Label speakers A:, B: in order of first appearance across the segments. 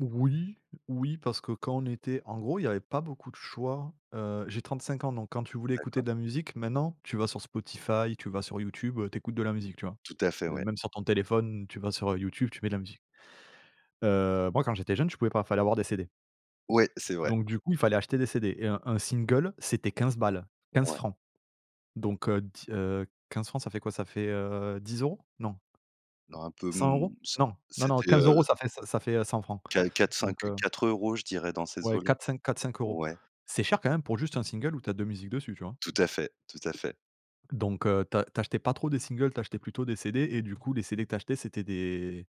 A: Oui, oui, parce que quand on était en gros, il y avait pas beaucoup de choix. Heu, j'ai 35 ans, donc quand tu voulais écouter
B: D'accord.
A: de la musique, maintenant tu vas sur Spotify, tu vas sur YouTube, heu, tu écoutes de la musique, tu vois?
B: Tout à fait,
A: Heu,
B: ouais.
A: même sur ton téléphone, tu vas sur, heu, YouTube, tu mets de la musique heu, moi quand j'étais jeune, je pouvais pas, fallait avoir des CD
B: Ouais, c'est vrai.
A: donc du coup, il fallait acheter des CD. Et un un single, c'était 15 balles, 15
B: Ouais.
A: francs. Donc heu, di heu, 15 francs, ça fait quoi? Ca fait, heu, 10 €? Non.
B: Non, un peu,
A: cent
B: mmh,
A: euros?
B: c
A: Non, non, non,
B: c'était,
A: 15 €
B: heu
A: ça fait ç ça fait, heu, 100 francs
B: Qua quatre, 5
A: donc,
B: heu,
A: heu
B: 4 € je dirais dans ces
A: ouais
B: eaux-là,
A: 4-5, 4-5 €.
B: ouais.
A: C'est cher quand même pour juste 1 single où tu as 2 musiques dessus, tu vois?
B: Tout à fait, tout à fait.
A: Donc, heu, tu a tu achetais pas trop de singles, tu achetais plutôt des CD et du coup, les CD que tu achetais c'était des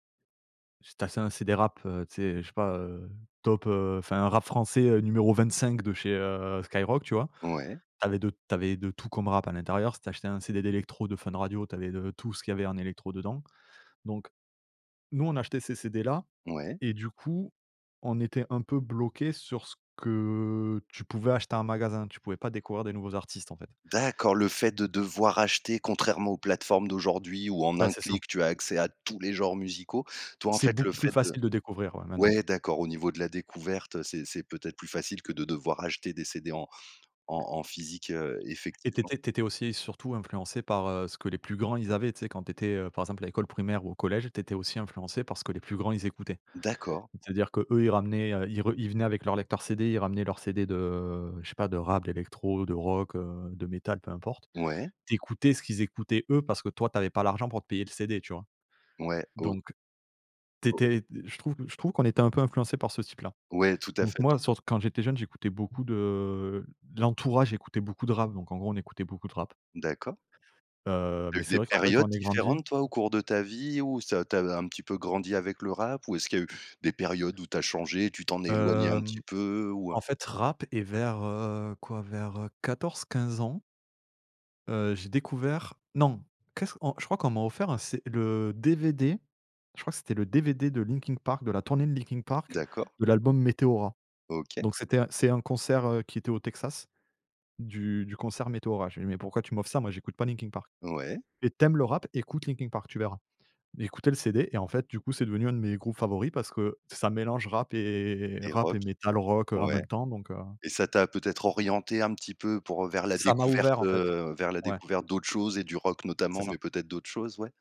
A: j tu achetais un CD rap, heu, tu sais, je sais pas, heu, top heu, enfin rap français, heu, numéro 25 de chez, heu, Skyrock, tu vois?
B: Ouais.
A: Tu avais de tu avais de tout comme rap à l'intérieur, si tu achetais un CD d'électro de Fun Radio, tu avais de tout ce qu'il y avait en électro dedans. Donc, nous on achetait ces CD là
B: Ouais.
A: et du coup, on était un peu bloqué sur ce que tu pouvais acheter en magasin, tu pouvais pas découvrir des nouveaux artistes, en fait.
B: D'accord, le fait de devoir acheter contrairement aux plateformes d'aujourd'hui où, en
A: Bah,
B: 1
A: c'est ça.
B: clic, tu as accès à tous les genres musicaux, toi, en
A: C'est
B: fait, le
A: beaucoup plus
B: fait de
A: facile de découvrir, ouais, maintenant.
B: ouais d'accord, au niveau de la découverte, c'est c'est peut-être plus facile que de devoir acheter, des CD en en en physique, heu,
A: Et tu
B: effectivement.
A: étais tu étais aussi surtout influencé par, heu, ce que les plus grands ils avaient. Tu sais, quand tu étais, heu, par exemple, à l'école primaire ou au collège, tu étais aussi influencé par ce que les plus grands, ils écoutaient.
B: D'accord.
A: C'est-à-dire qu'eux, ils ramenaient, heu, ils re ils venaient avec leur lecteur CD, ils ramenaient leurs CD de, je sais pas, de rap, d'électro, de rock, heu, de métal, peu importe,
B: Ouais.
A: tu écoutais ce qu'ils écoutaient eux, parce que toi tu avais pas l'argent pour te payer le CD, tu vois?
B: Ouais, o
A: Donc, tu
B: O
A: étais d je trouve q je trouve qu'on était un peu influencé par ce type-là.
B: Ouais. Tout à
A: Donc
B: fait,
A: moi,
B: tout à
A: surt quand j'étais jeune, j'écoutais beaucoup de l'entourage écoutait beaucoup de rap, donc, en gros, on écoutait beaucoup de rap.
B: D'accord.
A: Heu,
B: Tu as
A: mais
B: eu
A: c'est
B: des
A: vrai qu'après,
B: périodes
A: quand on est grandi
B: différentes toi au cours de ta vie? Ou ça tu as, heu, un petit peu grandi avec le rap? Ou est-ce qu'il y a eu des périodes où tu as changé et tu t'en es éloigné un petit
A: Hem,
B: peu ou, heu?
A: en fait, rap et vers, heu, quoi, vers, heu, 14-15 ans heu, j'ai découvert non, qu'est-ce on je crois qu'on m'a offert un C le DVD, je crois que c'était le DVD de Linkin Park, de la tournée de Linkin Park,
B: D'accord.
A: de l'album Meteora.
B: OK.
A: Donc c'était un c'est un concert, heu, qui était au Texas du du concert Meteora. J'ai dit «Mais pourquoi tu m'offres ça? Moi, j'écoute pas Linkin Park»,
B: Ouais.
A: «Et tu aimes le rap, écoute Linkin Park, tu verras». J'ai écouté le CD et en fait, du coup, c'est devenu un de mes groupes favoris, parce que, ça mélange rap, et
B: Et
A: rap
B: rock.
A: et metal rock, heu, en
B: Ouais.
A: même temps, donc, heu
B: Et ça t'a peut-être orienté un petit peu pour heu, vers la
A: ça m'a
B: découverte,
A: ouvert en fait,
B: heu, vers la
A: ouais.
B: découverte d'autres choses et du rock
A: C'est
B: notamment, mais
A: ça.
B: peut-être d'autres choses, ouais?